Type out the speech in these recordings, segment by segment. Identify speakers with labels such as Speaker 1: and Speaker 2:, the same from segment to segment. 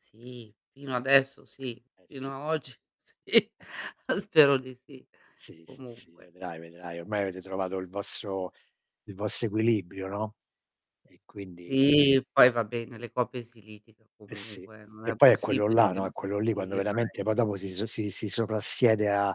Speaker 1: Sì, fino adesso sì.
Speaker 2: Eh
Speaker 1: Fino
Speaker 2: sì.
Speaker 1: a oggi sì, spero di sì.
Speaker 2: Sì, sì, sì,
Speaker 1: Comunque
Speaker 2: vedrai, vedrai ormai avete trovato il vostro il vostro equilibrio, no; e quindi
Speaker 1: Ti. Poi, va beh, nelle coppie si litiga
Speaker 2: Eh, sì.
Speaker 1: comunque, eh, non
Speaker 2: Che
Speaker 1: è
Speaker 2: poi è quello
Speaker 1: possibile
Speaker 2: là,
Speaker 1: che
Speaker 2: no
Speaker 1: non
Speaker 2: è
Speaker 1: si
Speaker 2: quello lì,
Speaker 1: litighi
Speaker 2: quando
Speaker 1: mai.
Speaker 2: veramente poi dopo si so si si soprassiede a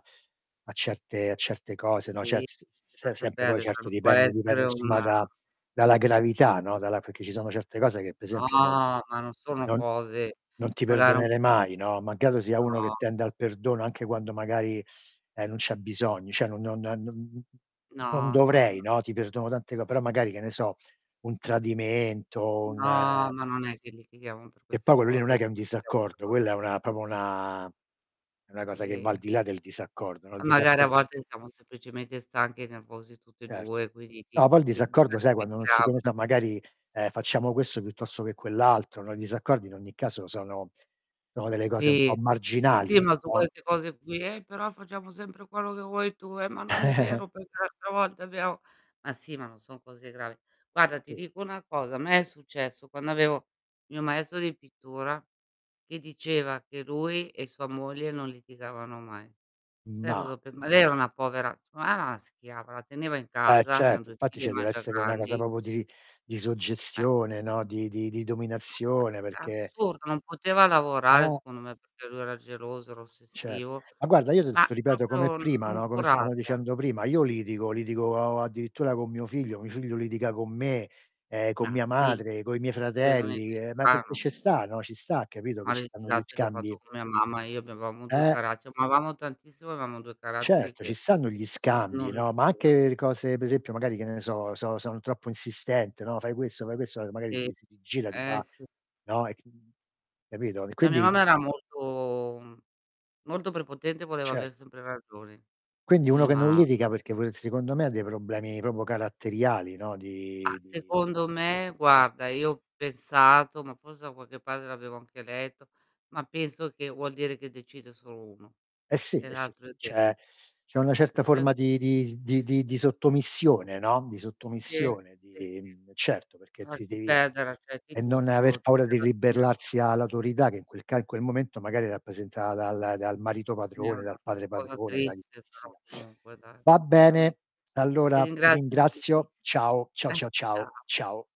Speaker 2: a certe a certe cose, no, ce
Speaker 1: Ti,
Speaker 2: s s s
Speaker 1: si
Speaker 2: se
Speaker 1: lascia
Speaker 2: sempre; poi
Speaker 1: perde cioè,
Speaker 2: certo
Speaker 1: non può
Speaker 2: dipende dipende
Speaker 1: essere
Speaker 2: insomma
Speaker 1: una
Speaker 2: da dalla gravità, no, dalla perché ci sono certe cose che pe'
Speaker 1: No,
Speaker 2: esempio non non
Speaker 1: ma non sono
Speaker 2: non
Speaker 1: cose
Speaker 2: non ti
Speaker 1: magari un
Speaker 2: perdonerei
Speaker 1: pun
Speaker 2: mai, no, malgrado sia uno che
Speaker 1: no.
Speaker 2: tende al perdono, anche quando magari, ehm, non c'è bisogno, cioè non non nan nun mh mhmm, non
Speaker 1: No, no,
Speaker 2: dovrei,
Speaker 1: no.
Speaker 2: no, ti perdono tante co però magari, che ne so, un tradimento, un,
Speaker 1: No,
Speaker 2: ehm
Speaker 1: ma non è che litighiamo per
Speaker 2: E poi
Speaker 1: queste
Speaker 2: quello lì non
Speaker 1: cose,
Speaker 2: è che è un
Speaker 1: litighiamo per
Speaker 2: disaccordo,
Speaker 1: cose
Speaker 2: quella è
Speaker 1: molto
Speaker 2: una
Speaker 1: più
Speaker 2: proprio
Speaker 1: [unintelligible]
Speaker 2: una è una cosa che va al
Speaker 1: Sì.
Speaker 2: di là del disaccordo, no, il
Speaker 1: A magari, a
Speaker 2: disaccordo
Speaker 1: volte siamo semplicemente stanchi e nervosi tutte
Speaker 2: Certo.
Speaker 1: 2, quindi ti
Speaker 2: No, poi
Speaker 1: ti
Speaker 2: il
Speaker 1: pen
Speaker 2: disaccordo, sai, quando non si
Speaker 1: batticchecchiamo.
Speaker 2: pensa magari, ehm: "Facciamo questo piuttosto che quell' altro", no; i disaccordi in ogni caso sono sono delle cose un po'
Speaker 1: Sì. Sì,
Speaker 2: marginali,
Speaker 1: ma su
Speaker 2: no?
Speaker 1: queste cose qui "Ehi, però facciamo sempre quello che vuoi tu. Eh, ma non è vero perché l'altra volta abbiamo", ma sì ma non son cose gravi. Guarda, ti
Speaker 2: Ti
Speaker 1: dico una cosa: a me è successo quando avevo mio maestro di pittura, che diceva che lui e sua moglie non litigavano mai. Sai
Speaker 2: Mah.
Speaker 1: cosa ho pen ma lei è una povera secondo me era una schiava, la teneva in
Speaker 2: Eh,
Speaker 1: casa, avevano
Speaker 2: certo.
Speaker 1: 2
Speaker 2: Infatti
Speaker 1: figlie
Speaker 2: ce
Speaker 1: ma già
Speaker 2: dev'essere una cosa
Speaker 1: grandi
Speaker 2: proprio di di
Speaker 1: Eh.
Speaker 2: suggestione, no, di di di dominazione perché
Speaker 1: Assurdo, non poteva lavorare,
Speaker 2: Eh.
Speaker 1: secondo me perchè lui era geloso, era
Speaker 2: Cer
Speaker 1: ossessivo;
Speaker 2: ma guarda io il s
Speaker 1: ma
Speaker 2: ti ripeto come
Speaker 1: proprio n
Speaker 2: prima,
Speaker 1: non
Speaker 2: no, come stavamo
Speaker 1: curata.
Speaker 2: dicendo prima, io litigo, litigo o addirittura con mio figlio, mi figlio litiga con me, ehm, con
Speaker 1: Ma
Speaker 2: mia
Speaker 1: sì.
Speaker 2: madre, coi miei
Speaker 1: Vedo niente
Speaker 2: fratelli,
Speaker 1: di
Speaker 2: ehm, ma perché
Speaker 1: strano.
Speaker 2: ce sta, no, ci sta, capito che
Speaker 1: Ma le
Speaker 2: ci stanno gli
Speaker 1: litigate che ho fatto
Speaker 2: scambi?
Speaker 1: con mia mamma. Io avevamo 2
Speaker 2: Eh.
Speaker 1: cara ci amavamo tantissimo, avevamo 2 caratteri
Speaker 2: Certo, ci
Speaker 1: che
Speaker 2: stanno gli
Speaker 1: non
Speaker 2: scambi, no, ma anche
Speaker 1: riusciva.
Speaker 2: per cose pe' esempio magari, che ne so, so son troppo insistente, no: "Fai questo, fai questo," e magari
Speaker 1: Sì.
Speaker 2: ti si rigira, ti
Speaker 1: Eh,
Speaker 2: fa
Speaker 1: sì.
Speaker 2: no, hai c mhmm, capito? E
Speaker 1: La mia
Speaker 2: quindi
Speaker 1: mamma era molto mhmm, molto prepotente, voleva aver
Speaker 2: Certo.
Speaker 1: sempre ragione.
Speaker 2: Quindi uno
Speaker 1: Eh,
Speaker 2: che non
Speaker 1: mamma.
Speaker 2: litiga, perché vuole secondo me ha dei problemi proprio caratteriali, no,
Speaker 1: Ah,
Speaker 2: di di di
Speaker 1: secondo me,
Speaker 2: eh.
Speaker 1: guarda io ho pensato, ma forse da qualche parte l'avevo anche letto, ma penso che vuol dire che decide solo uno
Speaker 2: Eh, sì,
Speaker 1: e
Speaker 2: eh sì,
Speaker 1: l'altro
Speaker 2: sì. C'è
Speaker 1: esegue.
Speaker 2: c'è una certa
Speaker 1: Lo
Speaker 2: forma
Speaker 1: penso così.
Speaker 2: di di s di di di sottomissione, no, di
Speaker 1: Sì,
Speaker 2: sottomissione
Speaker 1: sì,
Speaker 2: di
Speaker 1: sì.
Speaker 2: mhmm, certo perché ti
Speaker 1: Lasci
Speaker 2: devi
Speaker 1: perdere, accetti
Speaker 2: e non aver
Speaker 1: tutto, ti
Speaker 2: paura
Speaker 1: sei
Speaker 2: di
Speaker 1: rassegna
Speaker 2: ribellarsi a l'autorità, che in quel ca in quel momento magari è rappresentata dal dal marito padrone,
Speaker 1: [unintelligible]
Speaker 2: dal padre
Speaker 1: cosa
Speaker 2: padrone, da
Speaker 1: triste però
Speaker 2: chicchessia.
Speaker 1: comunque, dai
Speaker 2: Va
Speaker 1: verame
Speaker 2: bene,
Speaker 1: ti
Speaker 2: allora ti
Speaker 1: ringrazio
Speaker 2: ringrazio,
Speaker 1: moltissimo.
Speaker 2: ciao, ciao, ciao, ciao,
Speaker 1: Ciao.
Speaker 2: ciao.